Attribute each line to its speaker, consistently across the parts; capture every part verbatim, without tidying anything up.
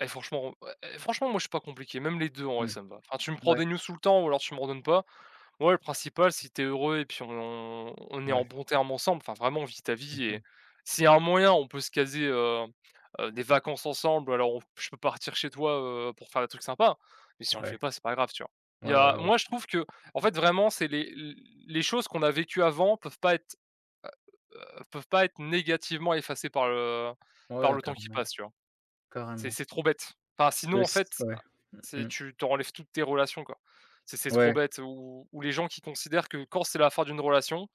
Speaker 1: Eh franchement, eh eh, franchement, moi, je suis pas compliqué, même les deux, en vrai,
Speaker 2: Mmh.
Speaker 1: ça me va, enfin, tu me prends des
Speaker 2: Ouais.
Speaker 1: news tout le temps ou alors tu m'en donnes pas. Ouais, le principal, si tu es heureux et puis on on est en
Speaker 2: Ouais.
Speaker 1: bon terme ensemble, enfin vraiment vit ta
Speaker 2: Mmh
Speaker 1: vie et
Speaker 2: mh.
Speaker 1: s'il y a un moyen, on peut se caser, heu heu, des vacances ensemble alors on p je peux partir chez toi, heu, pour faire des trucs sympas mais si on le fait
Speaker 2: Ouais.
Speaker 1: pas, c'est pas grave, tu vois?
Speaker 2: Ouais,
Speaker 1: Il y a
Speaker 2: ouais, ouais.
Speaker 1: moi, je trouve qu'en fait, vraiment, c'est les l les choses qu'on a vécu avant peuvent pas être, heu heu, peuvent pas être négativement effacées par le par
Speaker 2: Ouais,
Speaker 1: le temps qui
Speaker 2: carrément.
Speaker 1: passe, tu vois? C'est
Speaker 2: Carrément.
Speaker 1: c'est trop bête, enfin,
Speaker 2: C'est
Speaker 1: sinon en
Speaker 2: aussi
Speaker 1: fait,
Speaker 2: ouais, mmh
Speaker 1: c'est
Speaker 2: mh.
Speaker 1: tu tu en enlèves toutes tes relations, quoi. C'est c'est trop
Speaker 2: Ouais.
Speaker 1: bête ou ou les gens qui considèrent que quand c'est la fin d'une relation,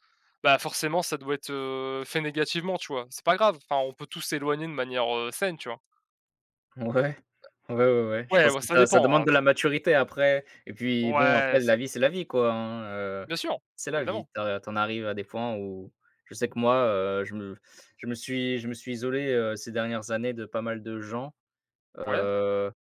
Speaker 1: bah, forcément, ça doit être, heu, fait négativement, tu vois? C'est pas grave, enfin, on peut tous s'éloigner de manière, heu, saine, tu vois?
Speaker 2: Ouais. Ouais, ouais, ouais, je
Speaker 1: Ouais,
Speaker 2: pense
Speaker 1: ouais,
Speaker 2: que
Speaker 1: ça
Speaker 2: ça, ça
Speaker 1: dépend,
Speaker 2: demande
Speaker 1: hein.
Speaker 2: de la maturité après et puis bon,
Speaker 1: Ouais,
Speaker 2: après
Speaker 1: ça
Speaker 2: la vie, c'est la vie, quoi, hein, heu,
Speaker 1: Bien sûr,
Speaker 2: c'est la vie
Speaker 1: évidemment!
Speaker 2: tu as tu en arrives à des points où je sais que, moi, heu, je me je me suis je me suis isolé, heu, ces dernières années de pas mal de gens,
Speaker 1: Ouais.
Speaker 2: heu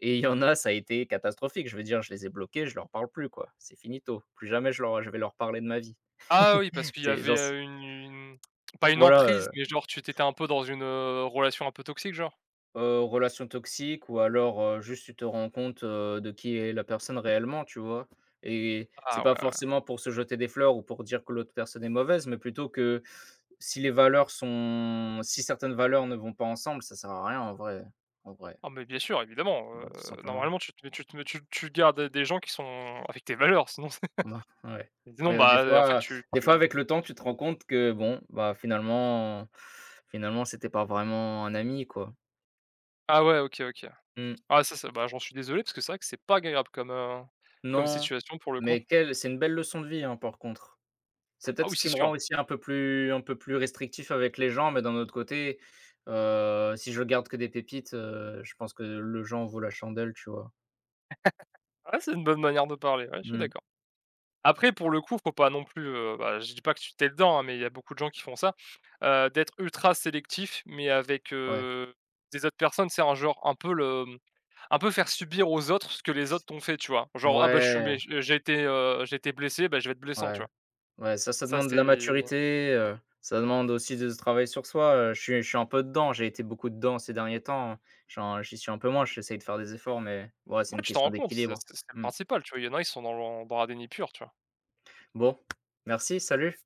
Speaker 2: et il y en a, ça a été catastrophique, je veux dire, je les ai bloqués, je leur parle plus, quoi. C'est finito, plus jamais je leur je vais leur parler de ma vie.
Speaker 1: Ah oui, parce qu'il y
Speaker 2: C'est
Speaker 1: avait,
Speaker 2: gens c'est
Speaker 1: heu, une une pas une
Speaker 2: Ouais, ouais,
Speaker 1: emprise
Speaker 2: ouais.
Speaker 1: mais, genre, tu tu étais un peu dans une, heu, relation un peu toxique, genre?
Speaker 2: Heu, relation toxique ou alors, heu, juste, tu te rends compte, heu, de qui est la personne réellement, tu vois? Et c'est
Speaker 1: Ah ouais,
Speaker 2: pas
Speaker 1: ouais.
Speaker 2: forcément pour se jeter des fleurs ou pour dire que l'autre personne est mauvaise mais plutôt que si les valeurs sont si certaines valeurs ne vont pas ensemble, ça sert à rien en vrai. En vrai.
Speaker 1: Ah mais bien sûr, évidemment, heu,
Speaker 2: Bah, tout simplement.
Speaker 1: normalement, tu te tu te tu tu gardes des gens qui sont avec tes valeurs sinon c'est
Speaker 2: Ben, ouais,
Speaker 1: sinon,
Speaker 2: ouais, des
Speaker 1: bah, en fait,
Speaker 2: fois
Speaker 1: tu
Speaker 2: des fois, avec
Speaker 1: tu
Speaker 2: le temps, tu te rends compte que, bon, bah, finalement finalement, c'était pas vraiment un ami, quoi.
Speaker 1: Ah ouais, OK OK.
Speaker 2: Mmh.
Speaker 1: Ah, ça c'est ben, j'en suis désolé parce que c'est vrai que c'est pas agréable comme, heu, comme
Speaker 2: Non,
Speaker 1: situation pour le coup.
Speaker 2: mais quelle c'est une belle leçon de vie, hein, par contre. C'est
Speaker 1: Ah
Speaker 2: peut-être
Speaker 1: oui,
Speaker 2: ce
Speaker 1: c'est
Speaker 2: qui me
Speaker 1: sûr!
Speaker 2: rend un peu plus un peu plus restrictif avec les gens mais d'un autre côté, heu, si je garde que des pépites, heu, je pense que le jeu en vaut la chandelle, tu vois?
Speaker 1: Ouais, c'est une bonne manière de parler, ouais, je suis
Speaker 2: Mmh.
Speaker 1: d'accord. Après, pour le coup, il faut pas non plus, heu, bah, je dis pas que tu tu es dedans, hein, mais il y a beaucoup de gens qui font ça, heu, d'être ultra sélectif mais avec,
Speaker 2: Ouais.
Speaker 1: heu, des autres personnes, tu sais, en, genre, un peu le un peu faire subir aux autres ce que les autres t'ont fait, tu vois? Genre: «Ah, bah, je suis
Speaker 2: Ouais!
Speaker 1: méch j'ai été, heu, j'ai été blessé, beh, je vais être blessant», tu
Speaker 2: Ouais,
Speaker 1: vois,
Speaker 2: ouais, ça ça
Speaker 1: ça,
Speaker 2: demande de la
Speaker 1: c'est
Speaker 2: maturité, heu, ça demande aussi de c travailler sur soi, heu, je suis je suis un peu dedans, j'ai été beaucoup dedans ces derniers temps, hein. J'en j'y suis un peu moins, j'essaie de faire des efforts mais ouais, c'est
Speaker 1: Ouais,
Speaker 2: une
Speaker 1: tu t'en
Speaker 2: question
Speaker 1: rends compte, c'est
Speaker 2: d'équilibre,
Speaker 1: c'est c'est le
Speaker 2: mmh.
Speaker 1: principal, tu vois, il y en a ils sont dans dans un déni pur, tu vois?
Speaker 2: Bon, merci, salut.